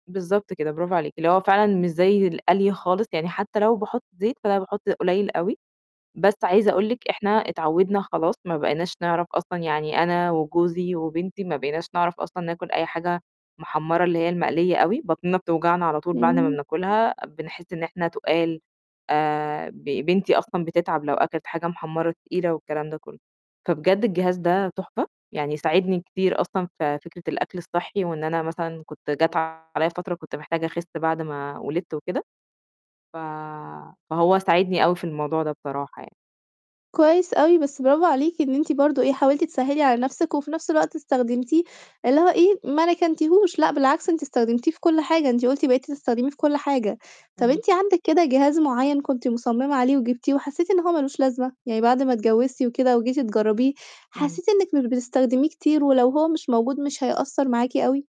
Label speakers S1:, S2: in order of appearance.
S1: بالضبط كده، برافو عليكِ، اللي هو فعلًا مش زي القلي خالص، يعني حتى لو باحط زيت فأنا باحط قُليل أوي، بس عايزة أقول لِك إحنا اتعوّدنا خلاص ما بقيناش نعرف أصلًا يعني أنا وجوزي وبنتي ما بقيناش نعرف أصلًا ناكُل أي حاجة محمّرة اللي هي المقليّة أوي، بطنِنا بتوجعنا على طول بعد ما
S2: اهم.
S1: بناكُلها، بنحس إن إحنا تُقال، آآ ب بنتي أصلًا بتتعب لو أكلت حاجة محمّرة تقيلة والكلام ده كلّه، فبجد الجهاز ده تحفة يعني ساعدني كتير أصلًا في فكرة الأكل الصحّي وإن أنا مثلًا كنت جات عليَّ فترة كنت محتاجة أخِس بعد ما ولدت وكده، ف فهو ساعدني أوي في الموضوع ده بصراحة يعني.
S2: كويس أوي بس برافو عليكِ إن أنتِ برضه إيه، حاولتِ تسهّلي على نَفْسِك، وفي نَفْس الوقت استخدمتيه اللي هو إيه، ما ركنتيهوش لأ، بالعكس أنتِ استخدمتيه في كلّ حاجة، أنتِ قُلتِ بقيتِ تستخدميه في كلّ حاجة، طَب
S1: إمم.
S2: أنتِ عندِك كده جهاز معيّن كنتِ مصممة عليه وجبتيه وحسّيتِ إن هو ما لوش لازمة؟ يعني بعد ما اتجوّزتِ وكده وجيتِ تجربيه
S1: إمم.
S2: حسّيتِ إنِّك مش بتستخدميه كتير، ولو هو مش موجود مش هيأثّر معاكِ أوي؟